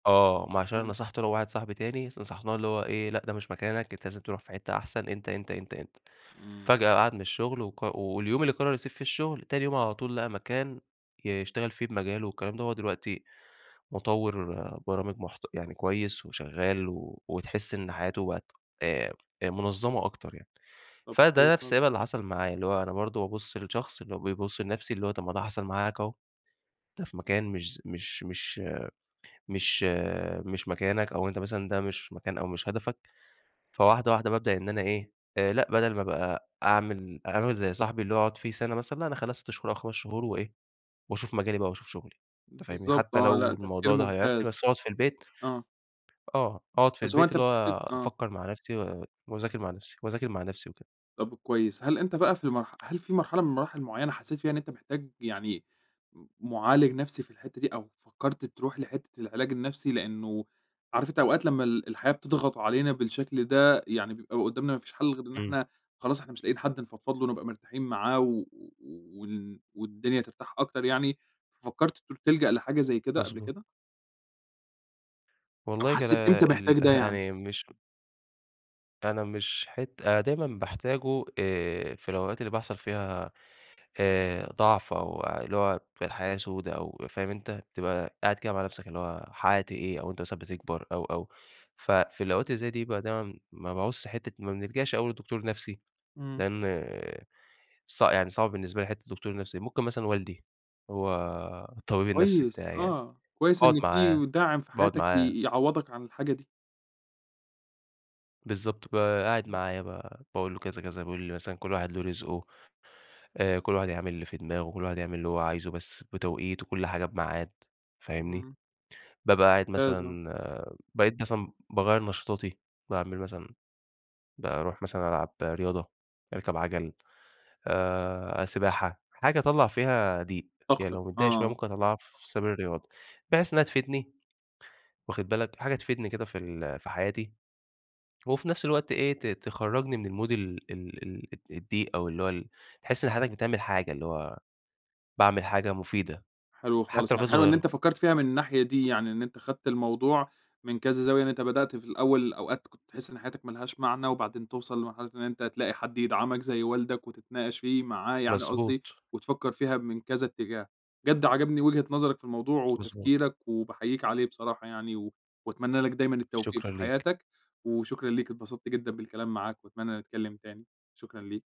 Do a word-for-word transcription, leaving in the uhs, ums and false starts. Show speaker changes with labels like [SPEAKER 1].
[SPEAKER 1] آه، ما عشان أنا
[SPEAKER 2] إمم.
[SPEAKER 1] نصحته أنا وواحد صاحبي تاني نصحناه، اللي هو إيه، لأ، ده مش مكانك، أنت لازم تروح في حتّة أحسن، أنت، أنت، أنت،
[SPEAKER 2] إمم.
[SPEAKER 1] فجأة قعد من الشغل، وق واليوم اللي قرّر يسيب فيه الشغل، تاني يوم على طول لقى مكان يشتغل فيه بمجاله والكلام ده، هو دلوقتي مُطوّر برامج محت يعني كويس وشغال، وتحس إن حياته بقت آآ، آآ منظمة أكتر يعني،
[SPEAKER 2] طب حلو
[SPEAKER 1] فده نفْس [unintelligible] اللي
[SPEAKER 2] خالص.
[SPEAKER 1] حصل معايا، اللي هو أنا برضو بابُصّ للشخص اللي هو بيبُصّ لنفسي، اللي هو طب ما ده حصل معاك هو، أنت في مكان مش ز مش مش مش مش مكانك، أو أنت مثلًا ده مش مكان أو مش هدفك، فواحدة واحدة بابدأ إن أنا إيه، آآ لأ بدل ما ابقى أعمل أعمل زي صاحبي اللي هو أقعد فيه سنة مثلًا، لأ أنا اخلّيها ست شهور أو خمس شهور وإيه، وأشوف مجالي بقى وأشوف شغلي، أنت فاهمني،
[SPEAKER 2] بالضبط
[SPEAKER 1] حتّى
[SPEAKER 2] آه لأ
[SPEAKER 1] لو
[SPEAKER 2] تفكير
[SPEAKER 1] الموضوع ده
[SPEAKER 2] ممتاز.
[SPEAKER 1] هيعيقني بس أقعد في البيت،
[SPEAKER 2] آه.
[SPEAKER 1] آه، أقعد في
[SPEAKER 2] بس هو
[SPEAKER 1] البيت،
[SPEAKER 2] أنت
[SPEAKER 1] اللي هو
[SPEAKER 2] بت آه.
[SPEAKER 1] أفكّر مع نفْسي، و وأذاكر مع نفْسي وأذاكر مع نفْسي وكده.
[SPEAKER 2] طَب كويس، هل أنت بقى في المرح هل في مرحلة من مراحل معيّنة حسّيت فيها إن أنت محتاج يعني، م معالج نفْسي في الحتّة دي، أو فكّرت تروح لحتّة العلاج النفْسي؟ لإنه عارف أنت أوقات لمّا ال الحياة بتضغط علينا بالشكل ده، يعني بيبقى قدّامنا ما فيش حل غير إن
[SPEAKER 1] إمم.
[SPEAKER 2] إحنا خلاص إحنا مش لاقيين حد نفضفض له نبقى مرتاحين معاه، و و وال والدنيا ترتاح أكتر يعني، ففكّرت ت تلجأ لحاجة زي كده قبل
[SPEAKER 1] مضبوط.
[SPEAKER 2] كده؟ أو
[SPEAKER 1] والله كان
[SPEAKER 2] حسّيت إمتى
[SPEAKER 1] ال
[SPEAKER 2] محتاج ده يعني؟
[SPEAKER 1] يعني مش أنا مش حت أنا دايمًا باحتاجه، آآ، في الأوقات اللي بيحصل فيها آآ ضعف، أو اللي هو في الحياة سودا أو فاهم أنت، بتبقى قاعد كده مع نفْسك قافل على نفْسك اللي هو حققت إيه، أو أنت مثلًا بتكبر، أو، أو، ففي الأوقات اللي زي دي بيبقى دايمًا ما باعوزش حتّة ما بنلجأش أوي للدكتور النفْسي،
[SPEAKER 2] إمم.
[SPEAKER 1] لإن ص يعني صعب بالنسبة لي حتّة الدكتور النفْسي، ممكن مثلًا والدي هو الطبيب النفْسي
[SPEAKER 2] كويس
[SPEAKER 1] بتاعي يعني،
[SPEAKER 2] آه، كويس
[SPEAKER 1] باقعد
[SPEAKER 2] إن
[SPEAKER 1] معاه
[SPEAKER 2] في داعم في
[SPEAKER 1] باقعد
[SPEAKER 2] حياتك
[SPEAKER 1] معاه
[SPEAKER 2] ي يعوّضك عن الحاجة دي.
[SPEAKER 1] بالضبط، ب قاعد
[SPEAKER 2] إمم.
[SPEAKER 1] معايا بقى، باقول له: "كذا، كذا،" بيقول لي مثلًا: "كلّ واحد له رزقه، آآ كلّ واحد يعمل اللي في دماغه، كلّ واحد يعمل اللي هو عايزه، بس بتوقيت، وكلّ حاجة بميعاد،" فاهمني،
[SPEAKER 2] إمم.
[SPEAKER 1] بابقى قاعد
[SPEAKER 2] لازم.
[SPEAKER 1] مثلًا، بقيت مثلًا باغيّر نشاطاتي، باعمل مثلًا باروح مثلًا ألعب رياضة، أركب عجل، آآ، سباحة حاجة أطلّع فيها ضِيق، يعني
[SPEAKER 2] طاقتك
[SPEAKER 1] لو متضايق شوية،
[SPEAKER 2] آه.
[SPEAKER 1] ممكن أطلّعها في سبيل الرياضة، بحيث إنها تفيدني، واخد بالك، حاجة تفيدني كده في ال في حياتي، وفي نفْس الوقت إيه، ت تخرجني من الMood ال ال ال الضِيق، أو اللي هو ال تحس إن حضرتك بتعمل حاجة، اللي هو باعمل حاجة مفيدة،
[SPEAKER 2] حلو خالص،
[SPEAKER 1] حتّى لو
[SPEAKER 2] يعني
[SPEAKER 1] كانت
[SPEAKER 2] حلو إن أنت
[SPEAKER 1] صغيّرة.
[SPEAKER 2] فكّرت فيها من الناحية دي يعني، إن أنت خدت الموضوع من كذا زاوية، إن أنت بدأت في الأول أوقات كنت تحس إن حياتك ما لهاش معنى، وبعدين توصل لمرحلة إن أنت تلاقي حد يدعمك زي والدك، وتتناقش فيه معاه يعني قصدي،
[SPEAKER 1] مظبوط.
[SPEAKER 2] وتفكّر فيها من كذا اتجاه، بجد عجبني وجهة نظرك في الموضوع
[SPEAKER 1] مضبوط.
[SPEAKER 2] وتفكيرك، وباحييك عليه بصراحة يعني، وأتمنى لك دايمًا التوفيق
[SPEAKER 1] شكرًا
[SPEAKER 2] في
[SPEAKER 1] ليك.
[SPEAKER 2] حياتك، وشكرًا ليك، اتبسطت جدًا بالكلام معاك، وأتمنى نتكلّم تاني. شكرًا ليك.